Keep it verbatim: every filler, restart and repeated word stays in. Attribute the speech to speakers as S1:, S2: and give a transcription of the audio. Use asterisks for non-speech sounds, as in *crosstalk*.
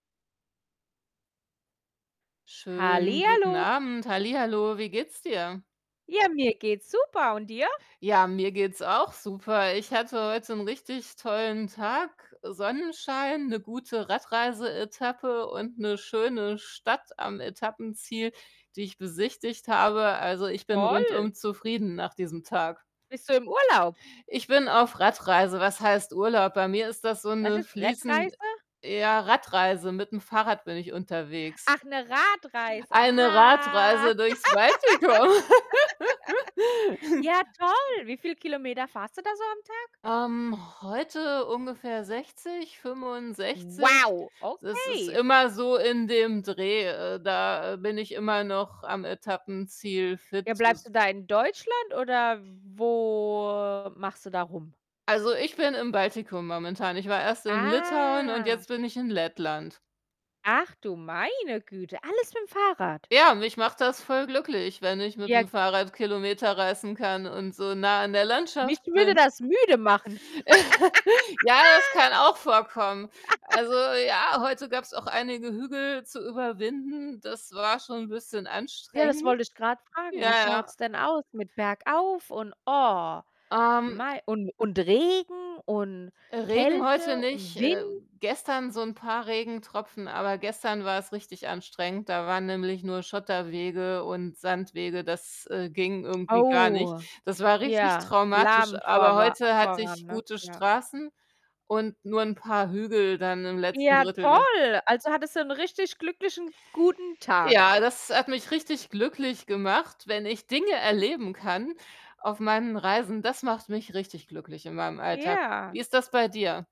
S1: Schönen guten
S2: Hallihallo.
S1: Abend, hallihallo, wie geht's dir?
S2: Ja, mir geht's super und dir?
S1: Ja, mir geht's auch super. Ich hatte heut 'n richtig tollen Tag, äh, Sonnenschein, 'ne gute Radreise-Etappe und 'ne schöne Stadt am Etappenziel, die ich besichtigt habe. Also, ich bin
S2: Toll.
S1: rundum zufrieden nach diesem Tag.
S2: Bist du im Urlaub?
S1: Ich bin auf Radreise. Was heißt Urlaub? Bei mir ist das so
S2: Was
S1: 'ne
S2: ist
S1: fließend
S2: Rettreise?
S1: ja, Radreise, mit'm Fahrrad bin ich unterwegs.
S2: Ach, 'ne Radreise,
S1: Eine
S2: ah.
S1: Radreise durchs Baltikum.
S2: *laughs*
S1: *laughs*
S2: Ja, toll! Wie viele Kilometer fahrst du da so am Tag?
S1: Ähm, heute ungefähr sechzig, fünfundsechzig.
S2: Wow,
S1: Das ist
S2: okay.
S1: immer so in dem Dreh, äh, da bin ich immer noch am Etappenziel.
S2: Ja, bleibst
S1: *unintelligible*
S2: du da in Deutschland oder wo machst du da rum?
S1: Also, ich bin im Baltikum momentan. Ich war erst in Litauen und
S2: Ah.
S1: jetzt bin ich in Lettland.
S2: Ach du meine Güte, alles mit'm Fahrrad?
S1: Ja, mich macht das voll glücklich, wenn ich
S2: Ja.
S1: mit'm Fahrrad Kilometer reißen kann und so nah an der
S2: Mich
S1: Landschaft
S2: würde
S1: bin.
S2: das müde machen.
S1: *chuckles* Ja, das
S2: *laughs*
S1: kann auch vorkommen. Also,
S2: *laughs*
S1: ja, heute gab's auch einige Hügel zu überwinden, das war schon bisschen
S2: Ja, das
S1: anstrengend.
S2: wollte ich grad fragen. Wie
S1: Ja, ja.
S2: schaut's denn aus mit bergauf und oh,
S1: Ähm
S2: mei und und Regen und
S1: Regen heute
S2: Kälte
S1: nicht.
S2: und
S1: Äh,
S2: Wind?
S1: gestern so 'n paar Regentropfen, aber gestern war es richtig anstrengend. Da waren nämlich nur Schotterwege und Sandwege, das, äh, ging irgendwie gar nicht.
S2: Oh,
S1: Das war richtig
S2: ja,
S1: traumatisch,
S2: lahm
S1: aber
S2: vorwa
S1: heute hatte
S2: voran,
S1: ich
S2: ne?
S1: gute
S2: Ja.
S1: Straßen und nur 'n paar Hügel dann im letzten
S2: Ja,
S1: Drittel des
S2: toll. Also, hattest du 'n richtig glücklichen guten Tag.
S1: Ja, das hat mich richtig glücklich gemacht, wenn ich Dinge erleben kann auf meinen Reisen. Das macht mich richtig glücklich in meinem Alltag.
S2: Ja.
S1: Wie ist das bei dir?